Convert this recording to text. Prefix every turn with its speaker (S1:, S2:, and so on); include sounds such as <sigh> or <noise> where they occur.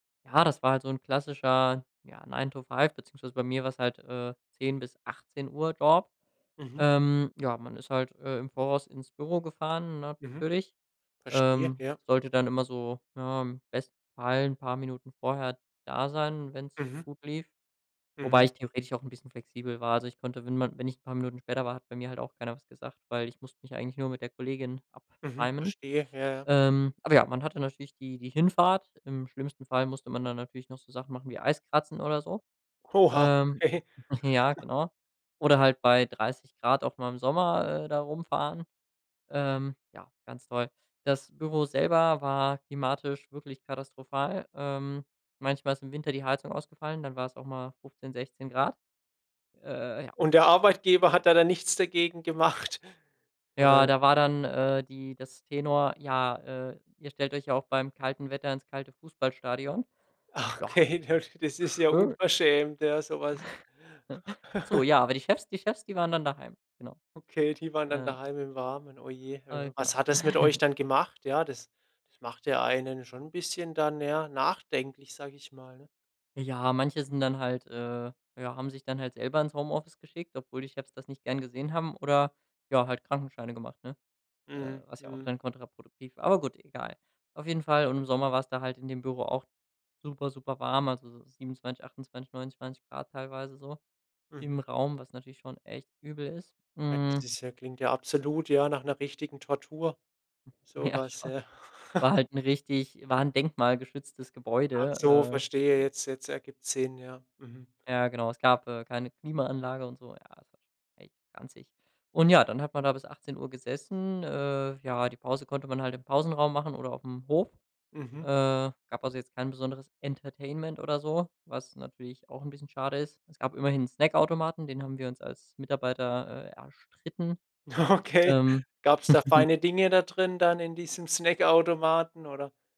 S1: Ja, das war halt so 'n klassischer, ja, 9-to-5 beziehungsweise bei mir war es halt, äh, 10:00 bis 18:00 Job.
S2: Mhm.
S1: Ähm, ja, man ist halt, äh, im Voraus ins Büro gefahren
S2: Mhm.
S1: natürlich,
S2: Verstehe,
S1: ähm,
S2: ja.
S1: sollte dann immer so, ja, im besten Fall 'n paar Minuten vorher da sein, wenn's
S2: Mhm.
S1: gut lief wobei
S2: Mhm.
S1: ich theoretisch auch 'n bisschen flexibel war. Also, ich konnte, wenn ma wenn ich 'n paar Minuten später war, hat bei mir halt auch keiner was gesagt, weil ich musste mich eigentlich nur mit der Kollegin
S2: Mhm.
S1: abtimen.
S2: Verstehe, ja, ja.
S1: Ähm, aber ja, man hatte natürlich die die Hinfahrt, im schlimmsten Fall musste man dann natürlich noch so Sachen machen wie Eiskratzen oder so,
S2: Oh, ha,
S1: ähm,
S2: okay.
S1: <chuckles> ja,
S2: <chuckles>
S1: genau oder halt bei 30 C auch mal im Sommer, äh, da rumfahren, ähm, ja, ganz toll. Das Büro selber war klimatisch wirklich katastrophal, ähm, manchmal ist im Winter die Heizung ausgefallen, dann war's auch mal 15, 16 C. Äh ja.
S2: Und der
S1: <unintelligible>
S2: Arbeitgeber hat da dann nichts dagegen gemacht?
S1: Ja,
S2: Oder
S1: da war dann, äh, die das Tenor: „Ja, äh, ihr stellt euch ja auch beim kalten Wetter ins kalte Fußballstadion.”
S2: Ah,
S1: Ja,
S2: okay, das das ist ja
S1: schön.
S2: unverschämt, ja so was.
S1: <chuckles> Ach so,
S2: <chuckles>
S1: ja, aber die Chefs die Chefs, die waren dann daheim. Genau,
S2: Okay, die waren dann
S1: äh.
S2: daheim im Warmen. Oh je.
S1: Toll,
S2: <unintelligible>
S1: genau.
S2: Was hat das mit euch
S1: <chuckles>
S2: dann gemacht? Ja, das das macht ja einen schon 'n bisschen dann, ja, nachdenklich, sage ich mal, ne?
S1: Ja. Manche sind dann halt äh, ja, haben sich dann halt selber ins Homeoffice geschickt, obwohl die Chefs das nicht gern gesehen haben, oder, ja, halt Krankenscheine gemacht, ne, äh,
S2: Mhm.
S1: was ja auch
S2: Mhm.
S1: dann kontraproduktiv war, aber gut, egal. Auf jeden Fall und im Sommer war's da halt in dem Büro auch super, super warm, also so 27, 28, 29 C teilweise so im
S2: Mhm.
S1: Raum, was natürlich schon echt übel ist.
S2: Ja, das
S1: Mhm.
S2: ist ja klingt ja absolut, ja, nach 'ner richtigen Tortur.
S1: <chuckles>
S2: So
S1: Ja,
S2: was,
S1: schon.
S2: ja.
S1: War
S2: <chuckles>
S1: halt 'n richtig war 'n denkmalgeschütztes
S2: Ach so,
S1: Gebäude,
S2: verstehe
S1: äh.
S2: jetzt jetzt ergibt's Sinn, ja. Mhm.
S1: Ja genau, es gab, äh, keine Klimaanlage und so, ja, das war schon echt ranzig. Und ja, dann hat man da bis 18:00 gesessen, äh, ja, die Pause konnte man halt im Pausenraum machen oder auf 'm Hof, äh,
S2: Mhm.
S1: gab also jetzt kein besonderes Entertainment oder so, was natürlich auch 'n bisschen schade ist. Es gab immerhin 'n Snackautomaten, den haben wir uns als Mitarbeiter, äh, erstritten,
S2: Oh, okay.
S1: ähm.
S2: <chuckles> Gab's da
S1: <chuckles>
S2: feine Dinge da drin dann in diesem Snackautomaten oder?